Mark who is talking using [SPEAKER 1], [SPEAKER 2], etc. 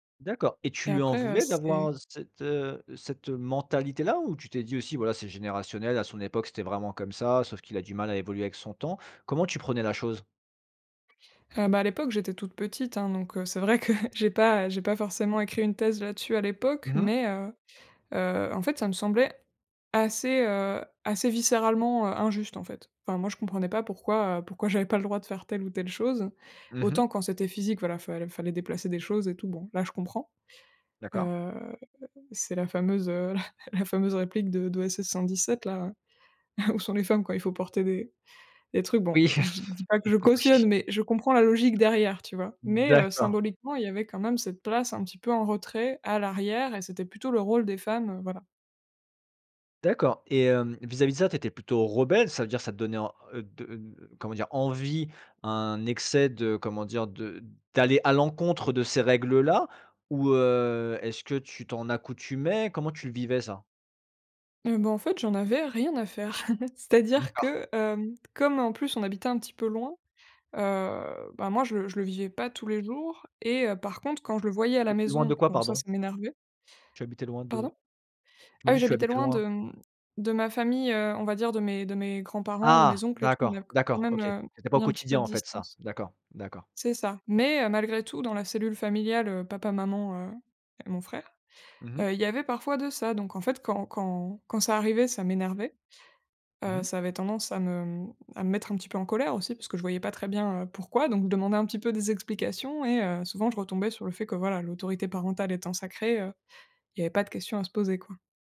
[SPEAKER 1] D'accord, et tu
[SPEAKER 2] Et
[SPEAKER 1] lui en
[SPEAKER 2] après, heu,
[SPEAKER 1] voulais d'avoir,
[SPEAKER 2] c'est.
[SPEAKER 1] heu, cette, heu, cette mentalité-là? Ou, tu t'es dit aussi, voilà, c'est générationnel, à son époque, c'était vraiment comme ça, sauf qu'il a du mal à évoluer avec son temps? Comment tu prenais la chose?
[SPEAKER 2] Heu, bah à l'époque, j'étais toute petite, hein, donc, heu, c'est vrai que j'ai pas, heu, j'ai pas forcément écrit une thèse, là-dessus, à l'époque.
[SPEAKER 1] Mmh mh.
[SPEAKER 2] Mais, heu heu, en fait, ça me semblait assez, heu, assez viscéralement, heu, injuste, en fait. Enfin, moi, je comprenais pas pourquoi, heu, pourquoi j'avais pas le droit de faire telle ou telle chose.
[SPEAKER 1] Mmh mh.
[SPEAKER 2] Autant, quand c'était physique, voilà, fallait fallait déplacer des choses et tout bon, là, je comprends.
[SPEAKER 1] D'accord.
[SPEAKER 2] Heu, c'est la fameuse, heu, la la fameuse réplique de d'OSS-117, là, «Où sont les femmes quand il faut porter des des trucs?», bon,
[SPEAKER 1] Oui.
[SPEAKER 2] je dis dis pas que je
[SPEAKER 1] Oui.
[SPEAKER 2] cautionne mais je comprends la logique derrière, tu vois? Mais heu,
[SPEAKER 1] D'accord.
[SPEAKER 2] symboliquement, il y avait quand même cette place un petit peu en retrait, à l'arrière et c'était plutôt le rôle des femmes, heu, voilà.
[SPEAKER 1] D'accord. Et hem, vis-à-vis de ça, tu étais plutôt rebelle? Ça veut dire ça te donnait en heu, de, heu, comment dire? Envie, un excès de comment dire? De d'aller à l'encontre de ces règles-là? Ou, heu, est-ce que tu t'en accoutumais? Comment tu le vivais, ça?
[SPEAKER 2] Eh bah, en fait, j'en avais rien à faire. C'est-à-dire
[SPEAKER 1] D'accord.
[SPEAKER 2] que, hem, comme en plus on habitait un petit peu loin, heu, bah moi, je le je le vivais pas tous les jours et heu, par contre, quand je le voyais à la
[SPEAKER 1] [unintelligible] Loin de
[SPEAKER 2] maison,
[SPEAKER 1] quoi,
[SPEAKER 2] donc ça,
[SPEAKER 1] pardon?
[SPEAKER 2] ça m'énervait.
[SPEAKER 1] Tu habitais loin de?
[SPEAKER 2] Pardon?
[SPEAKER 1] Tu
[SPEAKER 2] Ah
[SPEAKER 1] m'as
[SPEAKER 2] oui,
[SPEAKER 1] dit, tu
[SPEAKER 2] j'habitais
[SPEAKER 1] habitais
[SPEAKER 2] loin de,
[SPEAKER 1] loin?
[SPEAKER 2] mmh, de ma famille, heu, on va dire, de mes de mes grands-parents, de
[SPEAKER 1] Ah!
[SPEAKER 2] mes oncles et tout, on a
[SPEAKER 1] D'accord,
[SPEAKER 2] quand
[SPEAKER 1] d'accord.
[SPEAKER 2] même,
[SPEAKER 1] OK.
[SPEAKER 2] heu,
[SPEAKER 1] C'était pas au
[SPEAKER 2] mis un petit peu
[SPEAKER 1] quotidien,
[SPEAKER 2] de
[SPEAKER 1] en fait, ça.
[SPEAKER 2] distance.
[SPEAKER 1] D'accord, d'accord.
[SPEAKER 2] C'est ça! Mais, heu, malgré tout, dans la cellule familiale, heu, papa, maman, heu, et mon frère,
[SPEAKER 1] Mmh mh.
[SPEAKER 2] heu, il y avait parfois de ça. Donc, en fait, quand quand quand ça arrivait, ça m'énervait,
[SPEAKER 1] Mmh
[SPEAKER 2] heu,
[SPEAKER 1] mh.
[SPEAKER 2] ça avait tendance à me, mmh, à me mettre un petit peu en colère aussi parce que je voyais pas très bien, heu, pourquoi, donc je demandais un petit peu des explications et heu, souvent je retombais sur le fait que, voilà, l'autorité parentale étant sacrée, heu, il y avait pas de question à se poser, quoi.